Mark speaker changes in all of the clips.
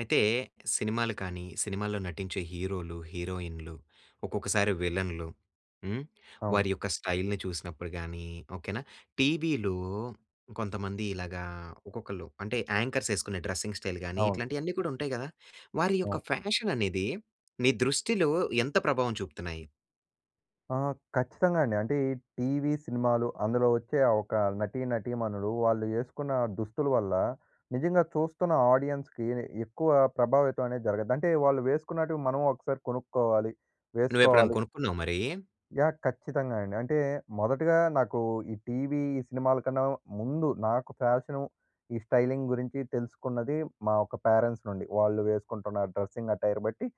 Speaker 1: అయితే సినిమాలు కానీ సినిమాల్లో నటించే హీరోలు, హీరోయిన్‌లు, ఒక్కొక్కసారి విలన్‌లు. హ్మ్,
Speaker 2: అవును.
Speaker 1: వారి యొక్క స్టైల్‌ని చూసినప్పుడు గాని, ఓకే నా! టీవీలో కొంతమంది ఇలాగా ఒక్కొక్కళ్ళు అంటే యాంకర్స్ యేసుకునే డ్రెసింగ్ స్టైల్ గాని,
Speaker 2: అవును.
Speaker 1: ఇట్లాంటియన్నీ కూడా ఉంటాయి గదా! వారి యొక్క
Speaker 2: అవును.
Speaker 1: ఫ్యాషన్ అనేది. నీ దృష్టిలో, ఎంత ప్రభావం చూపుతున్నాయి?
Speaker 2: ఆహా! ఖచ్చితంగా అండి. అంటే ఈ టీవీ, సినిమాలు అందులో వచ్చే ఆ ఒక నటి, నటీమణులు వాళ్ళు యేసుకున్న దుస్తుల వల్ల, నిజంగా చూస్తున్న ఆడియన్స్‌కి ఎక్కువ ప్రభావితం అనేది జరగద్ది. అంటే వాళ్ళు వేసుకున్నటివి మనము ఒకసారి కొనుక్కోవాలి.
Speaker 1: నువ్వు ఎప్పుడైనా
Speaker 2: వేసుకోవాలి.
Speaker 1: కొనుక్కున్నావా మరీ?
Speaker 2: యాహ్! ఖచ్చితంగా అండి. అంటే మొదటగా నాకు ఈ టీవీ, ఈ సినిమాల కన్నా ముందు నాకు ఫ్యాషను, ఈ స్టైలింగ్ గురించి తెలుసుకున్నది. మా యొక్క పేరెంట్స్ నుండి. వాళ్ళు వేసుకుంటున్న డ్రెసింగ్ అట్టైర్ బట్టి.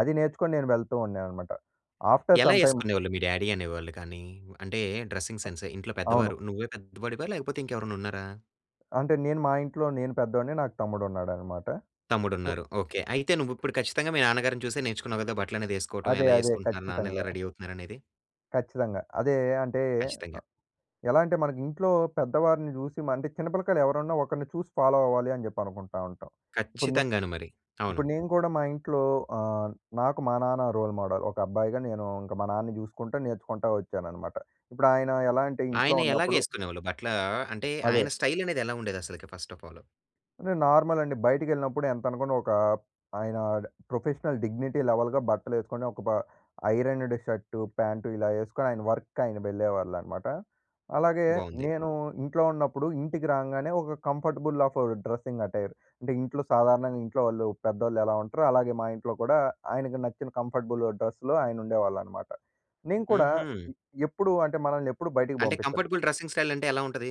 Speaker 2: అది నేర్చుకొని నేను వెళ్తూ ఉండే అనమాట. ఆఫ్టర్
Speaker 1: ఎలా
Speaker 2: సమ్‌టైమ్
Speaker 1: యేసుకునేవాళ్ళు మీ డ్యాడీ అనేవాళ్ళు కానీ? అంటే డ్రెస్సింగ్
Speaker 2: అ
Speaker 1: సెన్స్ ఇంట్లో
Speaker 2: అవును.
Speaker 1: పెద్దవారు నువ్వే పెద్దవాడివా? లేకపోతే ఇంకెవరైనా ఉన్నారా?
Speaker 2: అంటే నేను మా ఇంట్లో నేను పెద్దోడిని, నాకు తమ్ముడు ఉన్నాడనమాట.
Speaker 1: తమ్ముడు
Speaker 2: సో
Speaker 1: ఉన్నారు. ఓకే. అయితే నువ్వు ఇప్పుడు ఖచ్చితంగా మీ నాన్నగారిని చూసే నేర్చుకున్నావు కదా! బట్టలనేది యేసుకోవటం.
Speaker 2: అదే,
Speaker 1: ఎలా
Speaker 2: అదే.
Speaker 1: యేసుకుంటున్నారు? నాన్న ఎలా
Speaker 2: ఖచ్చితంగా.
Speaker 1: రెడీ అవుతున్నారు అనేది.
Speaker 2: ఖచ్చితంగా. అదే అంటే,
Speaker 1: ఖచ్చితంగా.
Speaker 2: అ ఎలా అంటే మనకింట్లో పెద్దవారిని జూసి, మండి చిన్నపిల్లకాయలు ఎవరన్నా ఒకరిని చూసి ఫాలో అవ్వాలి అని జెప్పి అనుకుంటా ఉంటాం. ఇప్పుడు నె
Speaker 1: ఖచ్చితంగాను మరి. అవును.
Speaker 2: ఇప్పుడు నేను కూడా మా ఇంట్లో అహ్, నాకు మా నాన్న రోల్ మోడల్. ఒక అబ్బాయిగా నేను ఇంక మా నాన్నని జూసుకుంటా నేర్చుకుంటా వచ్చాననమాట. ఇప్పుడు ఆయన ఎలా అంటే ఇంట్లో
Speaker 1: ఆయన ఎలాగే
Speaker 2: ఉన్నప్పుడు
Speaker 1: ఏసుకునేవాళ్ళు బట్ల అంటే
Speaker 2: అదే.
Speaker 1: ఆయన స్టైల్ అనేది ఎలా ఉండేది అసలుకి ఫస్ట్ ఆఫ్ అల్?
Speaker 2: అంటే నార్మల్ అండి. బయటికెళ్ళినప్పుడు ఎంతనుకున్న ఒక ఆయన ప్రొఫెషనల్ డిగ్నిటీ లెవెల్‌‌గా బట్టలేసుకొని, ఒక బ ఐరన్డ్ షర్టు, ప్యాంటు ఇలా ఏసుకొని ఆయన వర్క్‌కి ఆయన వెళ్ళేవాళ్ళనమాట. అలాగే
Speaker 1: బాగుంది.
Speaker 2: నేను ఇంట్లో ఉన్నప్పుడు, ఇంటికి రాంగానే ఒక కంఫర్టబుల్ ఆఫ్ డ్రెస్సింగ్ అటైర్. అంటే ఇంట్లో సాధారణంగా ఇంట్లో వాళ్ళు పెద్దోళ్ళు ఎలా ఉంటారో అలాగే మా ఇంట్లో కూడా ఆయనకి నచ్చిన కంఫర్టబుల్ డ్రెస్‌లో ఆయన ఉండేవాళ్ళనమాట. నేను కూడా
Speaker 1: హుహు.
Speaker 2: ఎప్పుడూ అంటే మనల్ని ఎప్పుడు బయటికి
Speaker 1: అంటే
Speaker 2: పంపించరు.
Speaker 1: కంఫర్టబుల్ డ్రెస్సింగ్ స్టైల్ అంటే ఎలా ఉంటది?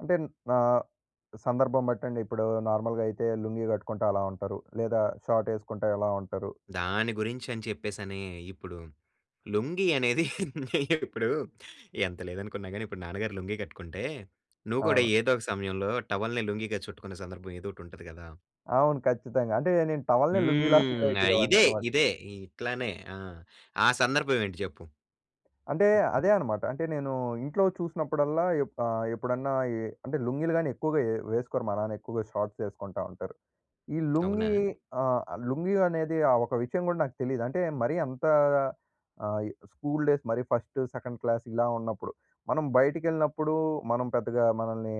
Speaker 2: అంటే నా సందర్భం బట్టండి. ఇప్పుడు నార్మల్‌గా అయితే లుంగీ కట్టుకుంటా అలా ఉంటారు, లేదా షార్ట్ ఏసుకుంటా ఇలా ఉంటారు.
Speaker 1: దాని గురించి అని చెప్పేసని, ఇప్పుడు లుంగీ అనేది ఇప్పుడు ఎంత లేదనుకున్నా గాని, ఇప్పుడు నాన్నగారు లుంగీ కట్టుకుంటే, నువ్వు కూడా
Speaker 2: అవును.
Speaker 1: ఏదో ఒక సమయంలో టవల్‌ని లుంగీగా చుట్టుకున్న సందర్భం ఏదో ఒకటి ఉంటది గదా!
Speaker 2: అవును ఖచ్చితంగా. అంటే నేను టవల్‌నే లుంగిలా, ఫీల్
Speaker 1: హ్మ్. ఇదే,
Speaker 2: అయిపోయేవాడినన్నమాట.
Speaker 1: ఇదే ఇట్లనే. ఆ! ఆ సందర్భం ఏంటి చెప్పు?
Speaker 2: అంటే అదే అన్నమాట. అంటే నేను ఇంట్లో చూసినప్పుడల్లా, ఎప్పు ఆహ్, ఎప్పుడన్నా అంటే లుంగీలు గాని ఎక్కువగా వేసుకోరు మా నాన్న. ఎక్కువగా షార్ట్స్ వేసుకుంటా ఉంటారు. ఈ
Speaker 1: అవునా?
Speaker 2: లుంగీ, ఆహ్, లుంగీ అనేది ఆ ఒక విషయం కూడా నాకు తెలీదు. అంటే మరీ అంత ఆహ్, స్కూల్ డేస్ మరి ఫస్ట్, సెకండ్ క్లాస్ ఇలా ఉన్నప్పుడు. మనం బయటికి వెళ్ళినప్పుడు, మనం పెద్దగా మనల్ని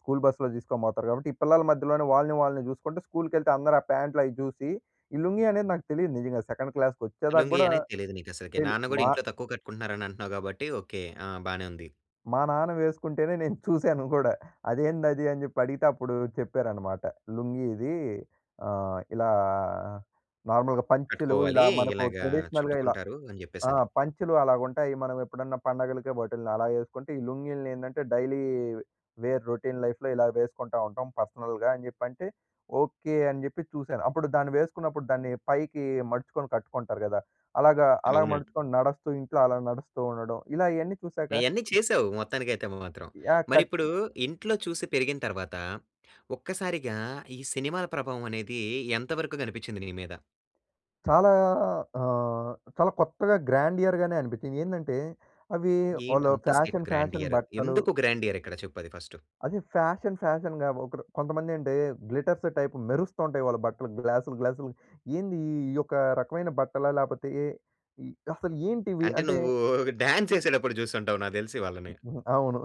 Speaker 2: స్కూల్ బస్సులో తీసుకొని పోతారు కాబట్టి, ఈ పిల్లల మధ్యలోనే వాళ్ళని వాళ్ళని చూసుకుంటే స్కూల్‌కి వెళ్తే అందరూ ఆ ప్యాంట్లు అవి చూసి, ఈ లుంగీ అనేది నాకు తెలీదు నిజంగా. సెకండ్ క్లాస్‌కి వచ్చేదాకా
Speaker 1: లుంగి
Speaker 2: కూడా
Speaker 1: అనేది తెలీదు నీకసలకి.
Speaker 2: తెలీ
Speaker 1: నాన్న కూడా
Speaker 2: మా
Speaker 1: ఇంట్లో తక్కువ కట్టుకుంటున్నారని అంటున్నావు కాబట్టి, ఓకే. ఆ! బానే ఉంది.
Speaker 2: మా నాన్న వేసుకుంటేనే నేను చూసాను గూడా, అదేందది అని చెప్పి అడిగితే, అప్పుడు చెప్పారన్నమాట. "లుంగీ ఇది, ఆహ్, ఇలా నార్మల్‌గా పంచెలు
Speaker 1: కట్టుకోవాలి.
Speaker 2: ఇలా, మనకు
Speaker 1: ఇలాగా,
Speaker 2: ట్రెడిషనల్‌గా ఇలా,
Speaker 1: చుట్టుకుంటారు అని
Speaker 2: ఆ!
Speaker 1: చెప్పేసని.
Speaker 2: పంచెలు అలాగా ఉంటాయి. మనం ఎప్పుడన్నా పండగలకి బట్టల్ని అలా వేసుకుంటే, ఈ లుంగీల్ని ఏందంటే డైలీ వేర్ రొటీన్ లైఫ్‌లో ఇలా వేసుకుంటా ఉంటాం పర్సనల్‌గా" అని చెప్పంటే, ఓకే అని చెప్పి చూసాను. అప్పుడు దాన్ని వేసుకున్నప్పుడు దాన్ని పైకి మడుచుకొని కట్టుకుంటారు కదా! అలాగా, అలా
Speaker 1: అవునండి.
Speaker 2: మడుచుకొని నడుస్తూ ఇంట్లో అలా నడుస్తూ ఉండడం. ఇలా ఇయన్నీ చూశాక
Speaker 1: ఇయన్నీ చేసావు, మొత్తానికైతే మాత్రం.
Speaker 2: యాహ్! ఖచ్
Speaker 1: మరిప్పుడు, ఇంట్లో చూసి పెరిగిన తర్వాత, ఒక్కసారిగా ఈ సినిమాల ప్రభావం అనేది ఎంతవరకు కనిపించింది నీ మీద?
Speaker 2: చాలా అహ్, చాలా కొత్తగా గ్రాండియర్‌గానే అనిపించింది. ఏందంటే అవి
Speaker 1: ఏంటి
Speaker 2: వాళ్ళు
Speaker 1: అంత స్క్రిప్
Speaker 2: ఫ్యాషన్ ఫ్యాషన్
Speaker 1: గ్రాండియర్
Speaker 2: బట్టలు
Speaker 1: ఎందుకు గ్రాండియర్? ఇక్కడ చెప్పుది ఫస్ట్?
Speaker 2: అది ఫ్యాషన్ ఫ్యాషన్‌గా ఒకడు కొంతమంది అంటే గ్లిట్టర్స్ టైప్ మెరుస్తూ ఉంటాయి వాళ్ళ బట్టలు గ్లాస్‌లు గ్లాసులు, ఏంది ఈ యొక్క రకమైన బట్టలా? లేకపోతే ఏ ఏ అసలు ఏంటివి?
Speaker 1: అంటే
Speaker 2: అంటే
Speaker 1: నువ్వు డాన్స్ ఏసేటప్పుడు చూస్తుంటావు నాకు తెలిసి వాళ్ళని.
Speaker 2: హ్మ్. అవును.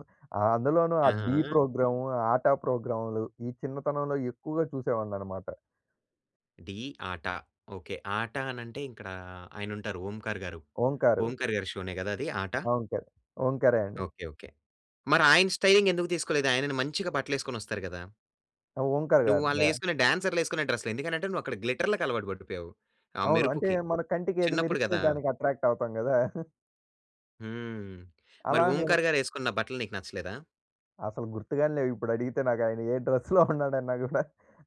Speaker 2: అందులోనూ ఆ 'డీ'
Speaker 1: ఆహా!
Speaker 2: ప్రోగ్రామ్, ఆట ప్రోగ్రామ్‌లు ఈ చిన్నతనంలో ఎక్కువగా చూసేవాళ్ళన్నమాట.
Speaker 1: 'డీ, ఆట' ఓకే. ఆటన అంటే, ఇక్కడ ఆయన అంటారు ఓంకార్ గారు.
Speaker 2: ఓంకార్.
Speaker 1: ఓంకార్‌గారి షోనే కదా! అది ఆట?
Speaker 2: ఓంకర్, ఓంకా‌రే అండి.
Speaker 1: ఓకే. ఓకే. మరి ఆయన స్టైలింగ్ ఎందుకు తీసుకోలేదు? ఆయనని మంచిగా బట్టలు వేసుకొని వస్తారు కదా!
Speaker 2: ఆ! ఓంకార్
Speaker 1: నువ్వు వాళ్ళు
Speaker 2: గారిదా?
Speaker 1: ఏసుకునే డాన్సర్‌లు ఏసుకునే డ్రెస్‌లు ఎందుకంటే నువ్వు అక్కడ గ్లిట్టర్‌లకి అలవాటు పడిపోయావు ఆ
Speaker 2: అవును. అంటే
Speaker 1: మెరుపుకి.
Speaker 2: మన కంటికి ఏది
Speaker 1: చిన్నప్పుడు
Speaker 2: మెరిస్తే
Speaker 1: కదా!
Speaker 2: దానికి అట్రాక్టవుతాం కదా!
Speaker 1: హ్మ్. మరి
Speaker 2: అలా నేను
Speaker 1: ఓంకార్‌గారు ఏసుకున్న బట్టలు నీకు నచ్చలేదా?
Speaker 2: అసలు గుర్తుగా‌నే లేవు ఇప్పుడు అడిగితే ఆయన ఏ డ్రెస్‌లో ఉన్నాడన్నా కూడా.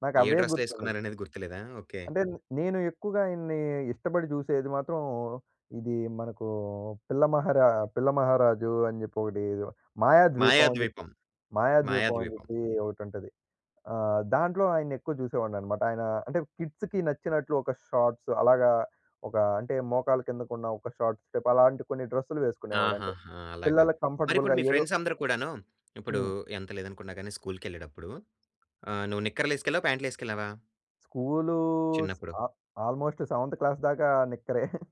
Speaker 2: నాకు
Speaker 1: ఏ
Speaker 2: అవే
Speaker 1: డ్రెస్‌లో
Speaker 2: గుర్తుండవు.
Speaker 1: వేసుకున్నారనేది గుర్తులేదా? ఓకే.
Speaker 2: అంటే నేను ఎక్కువగా ఇయన్ని ఇష్టపడి చూసేది మాత్రం ఇది మనకు పిల్లమహారా పిల్ల మహారాజు అని చెప్పి ఒకటి 'మాయాద్వీపం' అని చెప్పి
Speaker 1: 'మాయాద్వీపం,
Speaker 2: 'మాయాద్వీపం' అని
Speaker 1: మాయాద్వీపం'.
Speaker 2: చెప్పి ఒకటి ఉంటది. ఆ! దాంట్లో ఆయన్ని ఎక్కువ చూసేవాడిని అనమాట. ఆయన అంటే కిడ్స్‌కి నచ్చినట్లు ఒక షార్ట్స్ అలాగా ఒక అంటే మోకాళ్ళ కిందకు ఉన్న ఒక షార్ట్స్ టైప్ అలాంటి కొన్ని డ్రెస్సులు వేసుకునేవాడు. అంటే
Speaker 1: ఆహా‌హా! అలాగా
Speaker 2: పిల్లలకి
Speaker 1: మరి ఇప్పుడు
Speaker 2: కంఫర్టబుల్‌గా
Speaker 1: మీ
Speaker 2: ఏదో
Speaker 1: ఫ్రెండ్స్ అందరూ కూడాను ఇప్పుడు
Speaker 2: హ్మ్.
Speaker 1: ఎంత లేదనుకున్నా గాని స్కూల్‌కి ఏళ్ళేటప్పుడు ఆహ్, నువ్వు నిక్కర్లు వేసుకెళ్ళావా, పాంట్‌లు వేసుకెళ్ళావా?
Speaker 2: స్కూలూస్
Speaker 1: చిన్నప్పుడు.
Speaker 2: ఆ ఆల్మోస్ట్ సెవెన్త్ క్లాస్ దాకా నిక్కరే.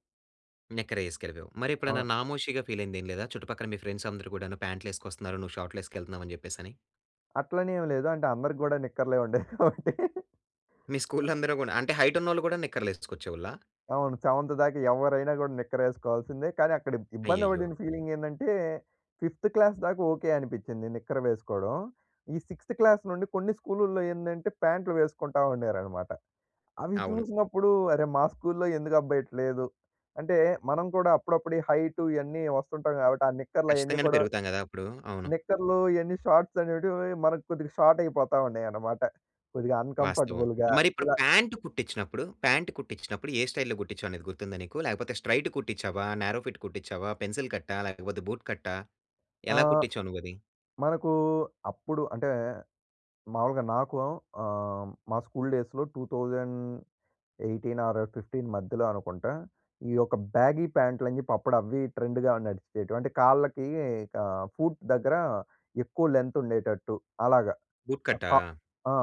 Speaker 1: నిక్కరే ఏసుకెళ్ళిపోయావు. మరి ఎప్పుడైనా
Speaker 2: ఆ!
Speaker 1: నామోషీగా ఫీల్ అయింది ఏమి లేదా? చుట్టుపక్కల మీ ఫ్రెండ్స్ అందరూ కూడాను ప్యాంట్‌లు ఏసుకొస్తున్నారు, నువ్వు షార్ట్‌లు ఏసుకెళ్తున్నావు అని చెప్పేసి అని?
Speaker 2: అట్లని ఏమి లేదు. అంటే అందరికి కూడా నిక్కర్లే ఉండేవి కాబట్టి.
Speaker 1: మీ స్కూల్‌లో అందరూ కూడా అంటే హైట్ ఉన్నోళ్ళు కూడా నిక్కర్లు ఏసుకొచ్చేవోళ్ళా?
Speaker 2: అవును సెవెంత్ దాక ఎవ్వరైనా గూడా నిక్కర్ ఏసుకోవాల్సిందే. కానీ అక్కడ ఇబ్ ఇబ్బంది
Speaker 1: అయ్యయ్యో!
Speaker 2: బడిన ఫీలింగ్ ఏందంటే ఫిఫ్త్ క్లాస్ దాకా ఓకే అనిపించింది నిక్కర్ వేసుకోవడం. ఈ సిక్స్‌త్ క్లాస్ నుండి కొన్ని స్కూలుల్లో ఏందంటే, ప్యాంట్లు వేసుకుంటా ఉండేరనమాట. అవి
Speaker 1: అవును.
Speaker 2: చూసినప్పుడు అరే మా స్కూల్లో ఎందుకబ్బా ఇట్ట లేదు. అంటే మనం కూడా అప్పుడప్పుడు ఈ హైట్ ఇయన్నీ వస్తుంటాం కాబట్టి ఆ నిక్కర్లు అయన్నీ
Speaker 1: ఖచ్చితంగానే
Speaker 2: కూడా,
Speaker 1: పెరుగుతాం గదా అప్పుడు. అవును.
Speaker 2: నిక్కర్లు ఇయన్నీ షార్ట్స్ అనేటివి మనకు కొద్దిగా షార్ట్ అయిపోతా ఉన్నయనమాట. కొద్దిగా
Speaker 1: వాస్తవం.
Speaker 2: అన్‌కంఫర్టబుల్‌గా
Speaker 1: మరి ఇప్పుడు
Speaker 2: ఇలా.
Speaker 1: ప్యాంట్ కుట్టించినప్పుడు, ప్యాంట్ కుట్టించినప్పుడు ఏ స్టైల్‌లో కుట్టించావు అనేది గుర్తుందా నీకు? లేకపోతే స్ట్రెయిట్ కుట్టించావ, నారో ఫిట్ కుట్టించావ, పెన్సిల్ కట్టా లేకపోతే బూట్ కట్టా, ఎలా
Speaker 2: ఆహ్,
Speaker 1: కుట్టించావు నువ్వది?
Speaker 2: మనకు అప్పుడు అంటే మామూలుగా నాకు ఆహ్, మా స్కూల్ డేస్‌లో 2018 ఆర్ 15 మధ్యలో అనుకుంటా ఈ యొక్క బ్యాగీ ప్యాంట్లు అని చెప్పి అప్పుడు అవ్వి ట్రెండ్‌గా నడిచేటివి. అంటే కాళ్ళకి ఆహ్, ఫూట్ దగ్గర ఎక్కువ లెంగ్త్ ఉండేటట్టు అలాగ.
Speaker 1: బూట్
Speaker 2: అ
Speaker 1: కట్టా?
Speaker 2: కా ఆ!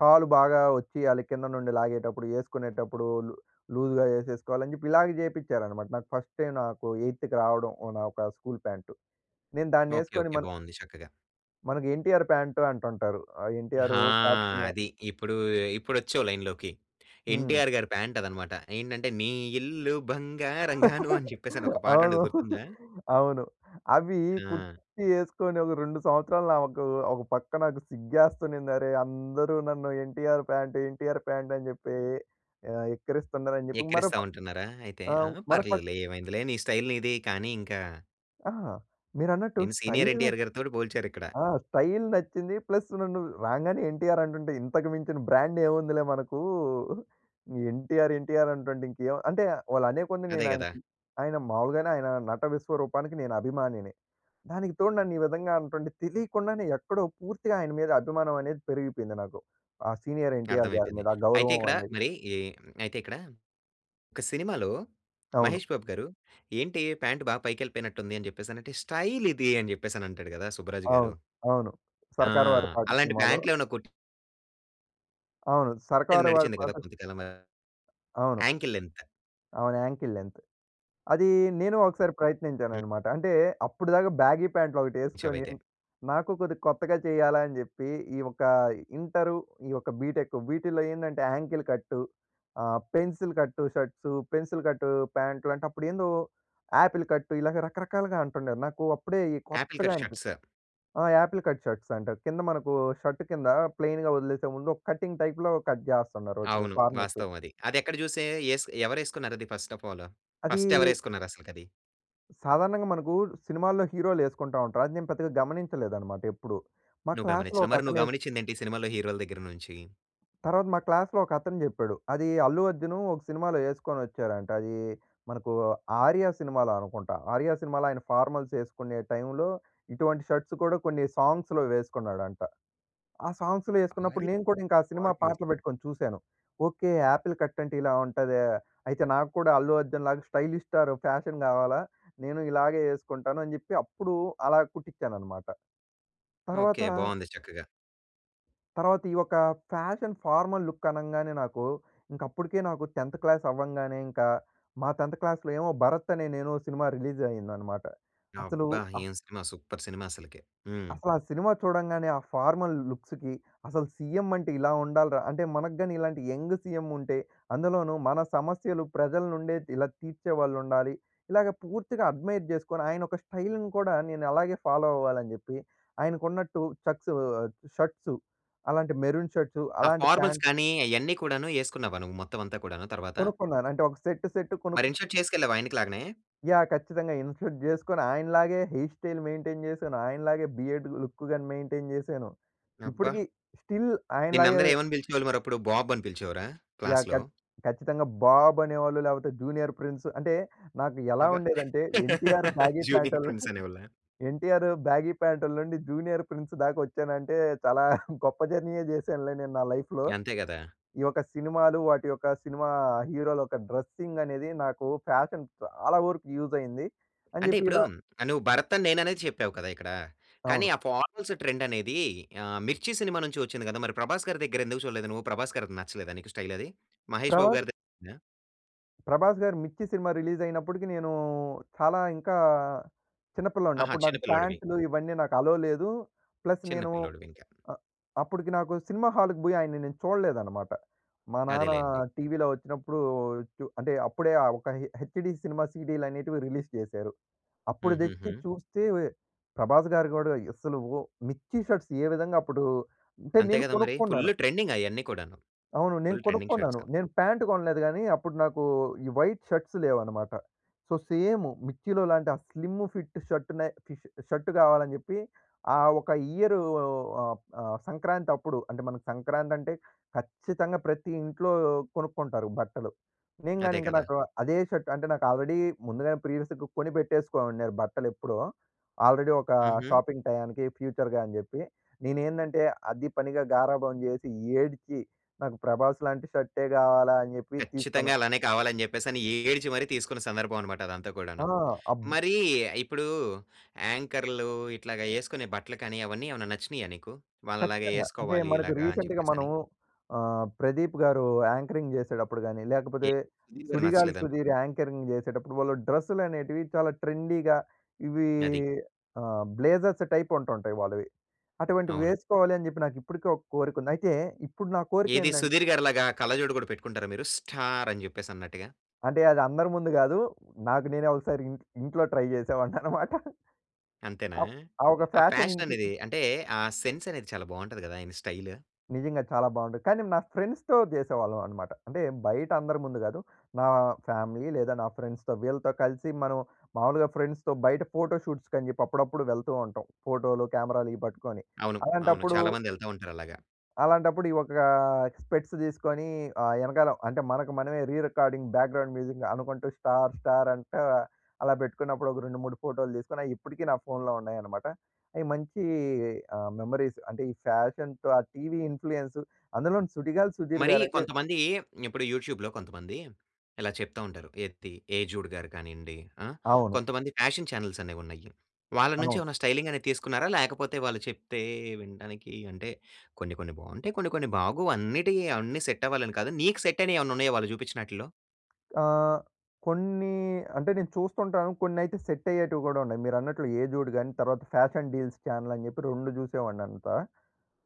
Speaker 2: కాలు బాగా వచ్చియ్యాలి కింద నుండి లాగేటప్పుడు ఏసుకునేటప్పుడు లు లూజ్‌గా ఏసేసుకోవాలని జెప్పి, ఇలాగే చేపిచ్చారనమాట నాకు ఫస్ట్ టైమ్ నాకు ఎయిత్‌కి రావడం ఒ నా ఒక స్కూల్ ప్యాంటు. నేను దాన్ని
Speaker 1: ఓకే,
Speaker 2: వేసుకొని
Speaker 1: ఓకే.
Speaker 2: మన
Speaker 1: బావుంది చక్కగా.
Speaker 2: మనకి ఎన్టీఆర్ ప్యాంటు అంటుంటారు. ఆహ్, ఎన్టీఆరు
Speaker 1: ఆ!
Speaker 2: పాత సినిమా
Speaker 1: అది ఇప్పుడు ఇప్పుడొచ్చావు లైన్‌లోకి.
Speaker 2: హ్మ్.
Speaker 1: ఎన్టీఆర్ గారి ప్యాంటు అదనమాట. ఏంటంటే, నీ ఇల్లు బంగారంగాను అని జెప్పేసని ఒక పాట
Speaker 2: అవును.
Speaker 1: ఉంటది గుర్తుందా?
Speaker 2: అవును. అవి
Speaker 1: ఆ!
Speaker 2: కుర్చీ యేసుకొని ఒక 2 సంవత్సరాలు, నావకు ఒక పక్క నాకు సిగ్గేస్తనుంది. అరే! అందరూ నన్ను ఎన్‌టి‌ఆర్‌ ప్యాంటు, ఎన్‌టి‌ఆర్‌ ప్యాంటు అని జెప్పి ఆహ్, ఎక్కరిస్తున్నారు. అని జెప్పి మరో
Speaker 1: ఎకిరిస్తా
Speaker 2: ప
Speaker 1: ఉంటున్నారా అయితే. ఆ!
Speaker 2: ఆహ్, మరో పక్క
Speaker 1: పర్లేదులే ఏమైందిలే నీ స్టైల్ నీది. కానీ ఇంకా.
Speaker 2: అహ! మీరన్నట్టు
Speaker 1: నిన్ను సీనియర్
Speaker 2: స్టైల్
Speaker 1: ఎన్‌టి‌ఆర్‌
Speaker 2: నచ్
Speaker 1: గారి తోటి పోల్చారిక్కడ.
Speaker 2: ఆ! స్టైల్ నచ్చింది. ప్లస్ నన్ను రాంగానే ఎన్టీఆర్ అంటుంటే, ఇంతకు మించిన బ్రాండ్ ఏముందిలే మనకు ఎన్‌టి‌ఆర్‌, ఎన్‌టి‌ఆర్‌ అంటుంటే ఇంకేం అంటే వాళ్ళు అనే కొంది
Speaker 1: అదే గదా!
Speaker 2: నేనాయనకి ఆయన మావూలుగానే ఆయన నట విశ్వరూపానికి నేను అభిమానిని. దానికి తోడు నన్ను ఈ విధంగా అంటుంటే, తెలియకుండానే ఎక్కడో పూర్తిగా ఆయన మీద అభిమానం అనేది పెరిగిపేయింది నాకు. ఆహ్, సీనియర్ ఎన్‌టి‌ఆర్‌ గారి
Speaker 1: అర్థమైపోయింది.
Speaker 2: మీద ఆ
Speaker 1: అయితే
Speaker 2: గౌరవం
Speaker 1: ఇక్కడ
Speaker 2: అనేది.
Speaker 1: మరి ఈ అయితే, ఇక్కడ ఒక సినిమాలో
Speaker 2: అవును.
Speaker 1: మహేష్ బాబు గారు, "ఏంటి ప్యాంటు బా పైకెళ్ళిపోయినట్టుంది" అని జెప్పేసనంటే "స్టైలిది" అని జెప్పేసని అంటాడు గదా! సుబ్బరాజు గారు.
Speaker 2: అవును. అవును.
Speaker 1: ఆ!
Speaker 2: 'సర్కార్ వారి పాట'
Speaker 1: అలాంటి
Speaker 2: సినిమాలో
Speaker 1: ప్యాంటులు ఏమైనా కొట్టి
Speaker 2: అవును.
Speaker 1: లేదు.
Speaker 2: సర్కారు వారి
Speaker 1: నడిచింది కదా
Speaker 2: పాట
Speaker 1: కొద్ది కాలంగా.
Speaker 2: అవును.
Speaker 1: Ankle length.
Speaker 2: అవును. Ankle length. అదీ, నేను ఒకసారి
Speaker 1: హ్మ్.
Speaker 2: ప్రయత్నించాననమాట. అంటే అప్పటిదాకా బ్యాగీ ప్యాంట్ల్‌లొకటి
Speaker 1: యేశావు
Speaker 2: వేసుకొని,
Speaker 1: అయితే.
Speaker 2: నాకు కొద్దిగా కొత్తగా చేయాల అని జెప్పి, ఈ యొక్క ఇంటరు, ఈ యొక్క బీటెకు. వీటిలో ఏందంటే, యాంకిల్ కట్టు. ఆహ్, పెన్సిల్ కట్టు షర్ట్స్, పెన్సిల్ కట్టు ప్యాంట్‌లు, అంటే అప్పుడు ఏందో యాపిల్ కట్టు. ఇలాగ రకరకాలుగా అంటుండే. నాకు అప్పుడే ఈ
Speaker 1: ఆపిల్
Speaker 2: కొత్తగా
Speaker 1: కట్
Speaker 2: అనిపించింది.
Speaker 1: షర్ట్స్.
Speaker 2: ఆ! ఆపిల్ కట్ షర్ట్స్ అంటారు. కింద మనకు షర్ట్ కింద ప్లెయిన్‌గా వదిలేసే ముందు ఒక కటింగ్ టైప్‌లో కట్ జేస్తున్నారు ఒకటి
Speaker 1: అవును.
Speaker 2: కార్నర్స్.
Speaker 1: వాస్తవం అది. అది ఎక్కడ జూసే ఏసు ఎవరు ఏసుకున్నారు అది ఫస్ట్ ఆఫ్ ఆల్?
Speaker 2: అదీ
Speaker 1: ఫస్ట్ ఎవరు యేసుకున్నారు అసలకి అది?
Speaker 2: సాధారణంగా మనకు, సినిమాల్లో హీరోలు యేసుకుంటా ఉంటారు. అది నేను పెద్దగా గమనించలేదనమాట, ఎప్పుడు. మా
Speaker 1: నువ్వు
Speaker 2: క్లాస్‌లో
Speaker 1: గమనించలే.
Speaker 2: ఒక
Speaker 1: మరి నువ్వు
Speaker 2: అతను ఏస్
Speaker 1: గమనించిందేంటి ఈ సినిమాలో హీరోల దగ్గర నుంచి?
Speaker 2: తర్వాత మా క్లాస్‌లో ఒక అతను జెప్పాడు. అది అల్లు అర్జున్ ఒక సినిమాలో యేసుకొని వచ్చారంట. అదీ మనకూ, 'ఆర్య' సినిమాలో అనుకుంటా. 'ఆర్య' సినిమాలో ఆయన ఫార్మల్స్ యేసుకునే టైమ్‌లో, ఇటువంటి షర్ట్స్ కూడా కొన్ని సాంగ్స్‌లో వేసుకున్నాడంట. ఆ సాంగ్స్‌లో యేసుకున్నప్పుడు,
Speaker 1: అయి
Speaker 2: నేను కూడా ఇంకా ఆ సినిమా
Speaker 1: వాడి [unintelligible]
Speaker 2: పాటలు పెట్టుకొని చూసాను. ఓకే, ఆపిల్ కట్ అంటే ఇలా ఉంటదా! అయితే నాకు కూడా అల్లు అర్జున్‌లాగా స్టైలిష్ స్టార్ ఫ్యాషన్ కావాలా. నేను ఇలాగే యేసుకుంటాను అని జెప్పి, అప్పుడూ అలా కుట్టించాను అనమాట.
Speaker 1: ఓకే.
Speaker 2: తర్వాత
Speaker 1: బాగుంది చక్కగా.
Speaker 2: తర్వాత ఈ యొక్క ఫ్యాషన్ ఫార్మల్‌ లుక్ అనంగానే, నాకు ఇంక అప్పడుకే నాకు 10థ్ క్లాస్ అవ్వంగానే ఇంకా, మా 10థ్ క్లాస్‌లో ఏమో 'భరత్ అనే నేను' సినిమా రిలీజ్ అయిందన్నమాట. అసలు
Speaker 1: అబ్బా!
Speaker 2: ఆ
Speaker 1: ఏం సినిమా సూపర్ సినిమా అసలకె. హ్మ్.
Speaker 2: అసలు ఆ సినిమా చూడంగానే, ఆ ఫార్మల్ లుక్స్‌కి అసలు సీఎం అంటే ఇలా ఉండాల‌రా! అంటే మనకు గాని, ఇలాంటి యంగ్ సీఎం ఉంటే, అందులోనూ మన సమస్యలు ప్రజల నుండే ఇలా తీర్చేవాళ్ళుండాలి. ఇలాగ పూర్తిగా అడ్‌మైర్ చేసుకొని, ఆయన ఒక స్టైల్‌ని కూడా నేను అలాగే ఫాలో అవ్వాలని జెప్పి ఆయనకున్నట్టు ఛాక్షు ఆహ్, షర్ట్సూ అలాంటి మెరూన్ షర్ట్స్,
Speaker 1: ఆ
Speaker 2: అలాంటి
Speaker 1: ఫార్మల్స్
Speaker 2: ప్యాంట్
Speaker 1: కానీ, అయన్నీ కూడాను యేసుకున్నావా నువ్వు మొత్తం అంతా కూడాను తర్వాత?
Speaker 2: కొనుక్కున్నాను. అంటే ఒక సెట్టు సెట్ కొనుక్
Speaker 1: మరి ఇన్‌షర్ట్ చేసుకెళ్ళావా ఆయనకి లాగానే?
Speaker 2: యాహ్! ఖచ్చితంగా ఇన్‌షర్ట్ జేసుకొని, ఆయనలాగే హెయిర్ స్టైల్ మెయిన్‌టైన్ జేశాను. ఆయనలాగే బియర్డ్ లుక్ గాని మెయిన్‌టైన్ జేశాను.
Speaker 1: అబ్బా!
Speaker 2: ఇప్పటికి స్టిల్
Speaker 1: నిన్ను
Speaker 2: ఆయనలాగే
Speaker 1: అందరు ఏమని పిలిచేవాళ్ళు మరి అప్పుడు? బాబ్ అని పిలిచేవారా
Speaker 2: యాహ్!
Speaker 1: క్లాస్‌లో?
Speaker 2: ఖచ్చ ఖచ్చితంగా బాబ్ అనేవాళ్ళు లేపోతే జూనియర్ ప్రిన్స్ అంటే, నాకు ఎలా
Speaker 1: అబ్బా!
Speaker 2: ఉండేదంటే 'ఎన్టీఆర్' బ్యాగీ
Speaker 1: జూనియర్
Speaker 2: ప్యాంటల్
Speaker 1: ప్రిన్స్ అనే వాళ్ళా?
Speaker 2: ఎన్టీఆర్ బ్యాగీ ప్యాంట్‌ల నుండి జూనియర్ ప్రిన్స్ దాకా వచ్చానంటే చాలా గొప్ప జర్నీయే చేశానులే నేను నా లైఫ్‌లో.
Speaker 1: అంతే కదా!
Speaker 2: ఈ యొక్క సినిమాలు వాటి యొక్క సినిమా హీరోల యొక్క డ్రెస్సింగ్ అనేది నాకు ఫ్యాషన్ చాలా వరకు యూస్ అయ్యింది అని
Speaker 1: అంటే
Speaker 2: చెప్పి
Speaker 1: ఇప్పుడు
Speaker 2: ఇలా
Speaker 1: నువ్వు భరత్ అని నేననే చెప్పావు కదా ఇక్కడ. కానీ
Speaker 2: అవును.
Speaker 1: ఆ ఫార్మల్స్ ట్రెండ్ అనేది ఆహ్, 'మిర్చి' సినిమా నుంచి వచ్చింది కదా! మరి ప్రభాస్ గారి దగ్గర ఎందుకు చూడలేదు నువ్వు? 'ప్రభాస్' గారిది నచ్చలేదా నీకు స్టైల్ అది? మహేష్ బాబు
Speaker 2: ప్రభాస్
Speaker 1: గారిదే నచ్చిందా?
Speaker 2: ప్రభాస్ గారు 'మిర్చి' సినిమా రిలీజ్ అయినప్పటికి నేను చాలా ఇంకా చిన్న పిల్లోడిని.
Speaker 1: ఆహా!
Speaker 2: అప్పుడు
Speaker 1: చిన్న
Speaker 2: నాకు
Speaker 1: పిల్లోడివి.
Speaker 2: పాంట్లు ఇవన్నీ నాకు అలో లేదు, ప్లస్
Speaker 1: చిన్న
Speaker 2: నేను
Speaker 1: పిల్లోడివి ఇంక.
Speaker 2: ఆహ్, అప్పటికి నాకు సినిమా హాల్‌కి పోయి ఆయన్ని నేను చూడలేదన్నమాట. మా నాన్న
Speaker 1: అదేలెండి.
Speaker 2: టీవీ‌లో వచ్చినప్పుడు చు అంటే అప్పుడే ఆ ఒక హె హెచ్‌డీ సినిమా సీడీలు అనేటివి రిలీజ్ చేశారు. అప్పుడు తెచ్చి
Speaker 1: హుహుహు.
Speaker 2: చూస్తే వె ప్రభాస్‌గారు కూడా అసలు ఓహ్! 'మిర్చి' షర్ట్స్ ఏ విధంగా అప్పుడు అంటే
Speaker 1: అంతే
Speaker 2: నేను
Speaker 1: కదా! మరి.
Speaker 2: కొనుక్కున్నాను.
Speaker 1: ఫుల్ ట్రెండింగ్ అయన్నీ కూడాను.
Speaker 2: అవును నేను
Speaker 1: ఫుల్ ట్రెండింగ్ షర్ట్స్
Speaker 2: కొనుక్కున్నాను.
Speaker 1: క
Speaker 2: నేను ప్యాంట్ కొనలేదు కానీ అప్పుడు నాకు ఈ వైట్ షర్ట్స్ లేవన్నమాట. సో, సేము 'మిర్చిలో' లాంటి ఆ స్లిమ్ ఫిట్ షర్ట్‌నే ష్ షర్ట్‌ కావాలని చెప్పి ఆ ఒక ఇయరు ఆహ్, ఆహ్, సంక్రాంతి అప్పుడు అంటే మన సంక్రాంతి అంటే ఖచ్చితంగా! ప్రతి ఇంట్లో కొనుక్కుంటారు బట్టలు. నేను కాని
Speaker 1: అదే
Speaker 2: ఇంక,
Speaker 1: కదా!
Speaker 2: నాకు అదే షర్ట్ అంటే నాకు ఆల్రెడీ ముందుగానే ప్రీవియస్‌గా కొనిపెట్టేసుకోమన్నారు బట్టలెప్పుడో. ఆల్రెడీ ఒక
Speaker 1: హుహు.
Speaker 2: షాపింగ్ టయానికి ఫ్యూచర్‌గా అని చెప్పి. నేనేందంటే అది పనిగా గారాబం చేసి ఏడ్చి, "నాకు ప్రభాస్ లాంటి షర్టే కావాలా" అని చెప్పి తీసుకున్నా.
Speaker 1: ఖచ్చితంగా అలానే కావాలి అని చెప్పేసి, అని ఏడ్చి మరి తీసుకున్న సందర్భం అనమాట అదంతా కూడాను.
Speaker 2: ఆ! అబ్
Speaker 1: మరి ఇప్పుడు యాంకర్‌లు ఇట్లాగా ఏసుకునే బట్టలు కానీ అవన్నీ ఏమైనా నచ్చినాయా నీకు? వాళ్ళలాగ
Speaker 2: ఖచ్చితంగా. అంటే
Speaker 1: ఏసుకోవాలి
Speaker 2: మనకు
Speaker 1: ఇలాగా అని
Speaker 2: రీసెంట్‌గా
Speaker 1: చెప్పేసి అని.
Speaker 2: మనము ఆహ్, ప్రదీప్‌గారు యాంకరింగ్ చేసేటప్పుడు గాని లేకపోతే,
Speaker 1: ఎ సుధీర్‌గారు
Speaker 2: సుడిగాలి
Speaker 1: నచ్చలేద?
Speaker 2: సుధీర్ యాంకరింగ్ చేసేటప్పుడు వాళ్ళు డ్రెస్సులు అనేటివి చాలా ట్రెండీ‌గా ఇవి
Speaker 1: అది.
Speaker 2: ఆహ్, బ్లేజర్స్ టైప్ ఉంటుంటాయ్ వాళ్ళవి. అటువంటివి
Speaker 1: అవును.
Speaker 2: వేసుకోవాలి అని చెప్పి నాకు ఇప్పటికే ఒక కోరిక ఉంది. అయితే ఇప్పుడు నా కోరిక
Speaker 1: ఏది
Speaker 2: ఏందంటే
Speaker 1: సుధీర్‌గారి లాగా కళ్ళజోడు కూడా పెట్టుకుంటారా మీరు? స్టార్ అని చెప్పేసి అన్నట్టుగా.
Speaker 2: అంటే అది అందరి ముందు గాదు, నాకు నేనే ఒకసారి ఇంట్ ఇంట్లో ట్రై చేసేవాడినన్నమాట.
Speaker 1: అంతేనా?
Speaker 2: అప్ ఆ ఒక
Speaker 1: ఆ
Speaker 2: ఫ్యాషన్
Speaker 1: ఫ్యాషన్ అనేది అంటే ఆ సెన్స్ అనేది చాలా బాగుంటది గదా! ఆయన స్టైల్.
Speaker 2: నిజంగా చాలా బావుంటది. కానీ నా ఫ్రెండ్స్‌తో చేసేవాళ్ళమన్నమాట. అంటే బయట అందరి ముందు గాదు. నా ఫ్యామిలీ లేదా నా ఫ్రెండ్స్‌తో వీళ్ళతో కలిసి మనం మాములుగా ఫ్రెండ్స్‌తో బయట ఫోటో షూట్స్‌కని చెప్పి అప్పుడప్పుడు వెళ్తూ ఉంటాం. ఫోటో‌లు కెమెరా‌లు ఇవి పట్టుకొని.
Speaker 1: అవును. అవును.
Speaker 2: అలాంటప్పుడు
Speaker 1: చాలా మంది వెళ్త ఉంటారు అలాగా.
Speaker 2: అలాంటప్పుడు ఈ ఒక స్పెక్ట్స్ తీసుకొని ఆహ్, ఎనకాల అంటే మనకు మనమే re recording background music అనుకుంటూ స్టార్ స్టార్ అంట అలా పెట్టుకున్నప్పుడు, ఒక 2, 3 ఫోటోలు తీసుకొని, అయి ఇప్పటికీ నా ఫోన్‌లో ఉన్నాయన్నమాట. అయి మంచి ఆహ్, మెమరీస్. అంటే ఈ ఫ్యాషన్స్ ఆ టీవీ ఇన్‌ఫ్లుయెన్స్ అందులోని 'సుడిగాలి సుధీర్'
Speaker 1: మరి
Speaker 2: గారయితే
Speaker 1: కొంతమంది ఇప్పుడు యూట్యూబ్‌లో కొంతమంది ఇలా చెప్తూ ఉంటారు. 'ఎత్తి', 'ఏజుడు గారు' కానీయండి. ఆ!
Speaker 2: అవును.
Speaker 1: కొంతమంది ఫ్యాషన్ ఛానెల్స్ అనేవి ఉన్నాయి. వాళ్ళ నుంచి
Speaker 2: అవును.
Speaker 1: ఏమైనా స్టైలింగ్ అనేది తీసుకున్నారా? లేకపోతే వాళ్ళు చెప్తే వినటానికి అంటే కొన్ని, కొన్ని బాగుంటాయి. కొన్ని, కొన్ని బాగోవ్. అన్నిటికీ అన్ని సెట్ అవ్వాలని కాదు. నీకు సెట్ అయినయి ఏమన్నా ఉన్నాయా వాళ్ళు చూపించినాట్లో?
Speaker 2: ఆహ్, కొన్ని అంటే నేను చూస్తుంటాను. కొన్నైతే సెట్ అయ్యేటివి కూడా ఉన్నాయి. మీరన్నట్లు 'ఏజుడు' గాని, తర్వాత ఫ్యాషన్ డీల్స్ ఛానెల్ అని చెప్పి రెండు చూసేవాడినంతా.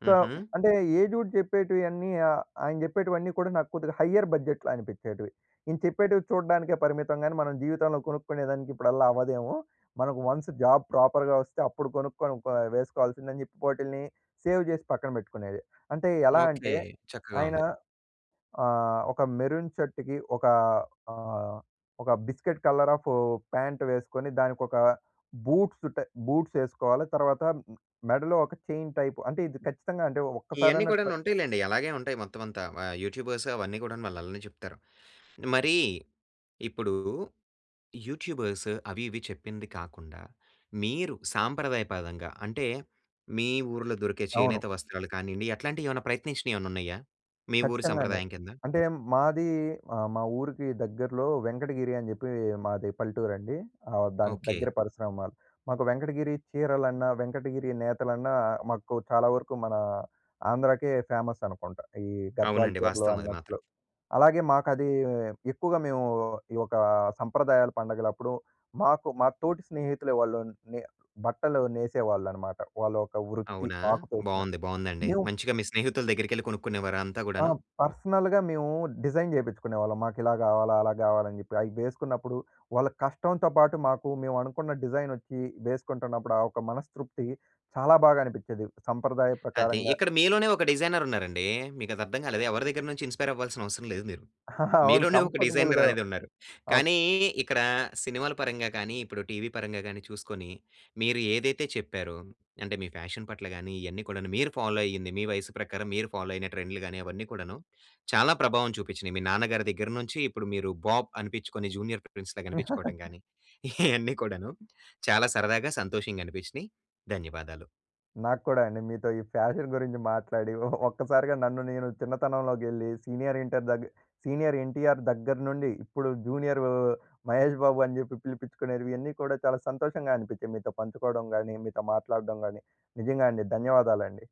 Speaker 2: సో,
Speaker 1: ఉహూ.
Speaker 2: అంటే ఎజూడ్ చెప్పేటివన్నీ ఆహ్, ఆయన చెప్పేటివన్నీ కూడా నాకు కొద్దిగా హయర్ బడ్జెట్‌లో అనిపించేటివి. ఈయన చెప్పేటివి చూడడానికే పరిమితం కాని మనం జీవితంలో కొనుక్కునే దానికి ఇప్పుడల్లా అవ్వదేమో! మనకు వన్స్ జాబ్ ప్రాపర్‌గా వస్తే, అప్పుడు కొనుక్కొని ప వేసుకోవాల్సిందని చెప్పి, వాటిల్ని సేవ్ చేసి పక్కన పెట్టుకునేది. అంటే ఎలా
Speaker 1: ఓకే.
Speaker 2: అంటే
Speaker 1: చక్కగా
Speaker 2: ఆయన
Speaker 1: ఉంది.
Speaker 2: ఆహ్, ఒక మెరూన్ షర్ట్‌కి ఒక ఆహ్, ఒక బిస్కెట్ కలర్ ఆఫ్ ప్యాంట్ వేసుకొని దానికొక బూట్స్ టై బూట్స్ వేసుకోవాలి. తర్వాత మెడలో ఒక చైన్ టైప్ అంటే ఇది ఖచ్చితంగా అంటే
Speaker 1: ఇయన్నీ
Speaker 2: ఒక్కసారైనా
Speaker 1: కూడాను
Speaker 2: ట్రై
Speaker 1: ఉంటాయి లెండి. అలాగే ఉంటాయి మొత్తమంతా. వ యూట్యూబర్స్ అవన్నీ కూడాను వాళ్ళు అలానే చెప్తారు. మరి ఇప్పుడు యూట్యూబర్స్ అవి ఇవి చెప్పింది కాకుండా, మీరు సాంప్రదాయపదంగా అంటే మీ ఊర్లో దొరికే
Speaker 2: అవును.
Speaker 1: చేనేత వస్త్రాలు కానీయండి, అట్లాంటివి ఏమైనా ప్రయత్నించినవి ఏమన్నా ఉన్నాయా? మీ ఊరి
Speaker 2: ఖచ్చితంగా అండి.
Speaker 1: సంప్రదాయం కింద.
Speaker 2: అంటే మాది ఆహ్, మా ఊరికి దగ్గరలో వెంకటగిరి అని చెప్పి మాది పల్లెటూరండి. ఆహ్, దాని
Speaker 1: ఓకే.
Speaker 2: దగ్గర పరిశ్రమాల్. మాకు వెంకటగిరి చీరలన్నా, వెంకటగిరి నేతలన్నా, మాకు చాలా వరకు మన ఆంధ్రాకే ఫేమస్ అనుకుంట. ఈ గద్వాల్
Speaker 1: అవునండి.
Speaker 2: చీరలు
Speaker 1: వాస్తవం అది
Speaker 2: అన్నట్లు.
Speaker 1: మాత్రం.
Speaker 2: అలాగే మాకది ఎక్కువగా మేము ఈ ఒక సంప్రదాయాల పండుగల అప్పుడు మాకు మా తోటి స్నేహితులే వాళ్ళు నె బట్టలు నేసేవాళ్ళనమాట. వాళ్ళ ఒక వృత్తి
Speaker 1: అవునా.
Speaker 2: ఆక్యుపేషన్.
Speaker 1: బావుంది. బావుందండి.
Speaker 2: మేము
Speaker 1: మంచిగా మీ స్నేహితుల దగ్గరికెళ్ళి కొనుక్కునేవార అంతా
Speaker 2: ఆ!
Speaker 1: గూడాను?
Speaker 2: పర్సనల్‌గా మేము డిజైన్ చేపించుకునేవాళ్ళం. మాకు ఇలా గావాలి. అలా గావాలని చెప్పి. అవి వేసుకున్నప్పుడు వాళ్ళ కష్టంతో పాటు, మాకు మేము అనుకున్న డిజైన్ ఒచ్చి వేసుకుంటున్నప్పుడు ఆ ఒక మనస్తృప్తి చాలా బాగా అనిపించేది. సంప్రదాయ
Speaker 1: అది
Speaker 2: ప్రకారంగా
Speaker 1: ఇక్కడ మీలోనే ఒక డిజైర్ ఉన్నారండి. మీకది అర్థం కాలేదు. ఎవరి దగ్గర నుంచి ఇన్‌స్పైర్ అవ్వాల్సిన అవసరం లేదు మీరు.
Speaker 2: అవును.
Speaker 1: మీలోనే ఒక డిజైర్
Speaker 2: కంఫర్టబుల్‌గా
Speaker 1: అనేది ఉన్నారు.
Speaker 2: ఓక్
Speaker 1: కానీ ఇక్కడ సినిమాల పరంగా కానీ, ఇప్పుడు టీవీ పరంగా గాని చూసుకొని, మీరు ఏదైతే చెప్పారో అంటే, మీ ఫ్యాషన్ పట్ల గాని ఇవన్నీ కూడా మీరు ఫాలో అయ్యింది. మీ వయసు ప్రకారం మీరు ఫాలో అయిన ట్రెండ్‌లు గాని అవన్నీ కూడాను చాలా ప్రభావం చూపించినయి. మీ నాన్నగారి దగ్గర నుంచి ఇప్పుడు మీరు బాబ్ అనిపించుకొని 'జూనియర్ ప్రిన్స్' లాగా కనిపించుకోవడం గాని. ఇయన్నీ కూడాను చాలా సరదాగా, సంతోషంగా అనిపించినయి. ధన్యవాదాలు.
Speaker 2: నాక్కూడా అండి. మీతో ఈ ఫ్యాషన్ గురించి మాట్లాడి ఒ ఒక్కసారిగా నన్ను నేను చిన్నతనంలోకెళ్ళి సీనియర్ ఇంటర్ దగ్గ సీనియర్ 'ఎన్టీఆర్' దగ్గర నుండి ఇప్పుడు 'జూనియర్ మహేష్ బాబు' అని చెప్పి పిలిపించుకునేవి ఇవన్నీ కూడా చాలా సంతోషంగా అనిపించాయి. మీతో పంచుకోవడం గాని, మీతో మాట్లాడడం గాని నిజంగా అండి. ధన్యవాదాలండి.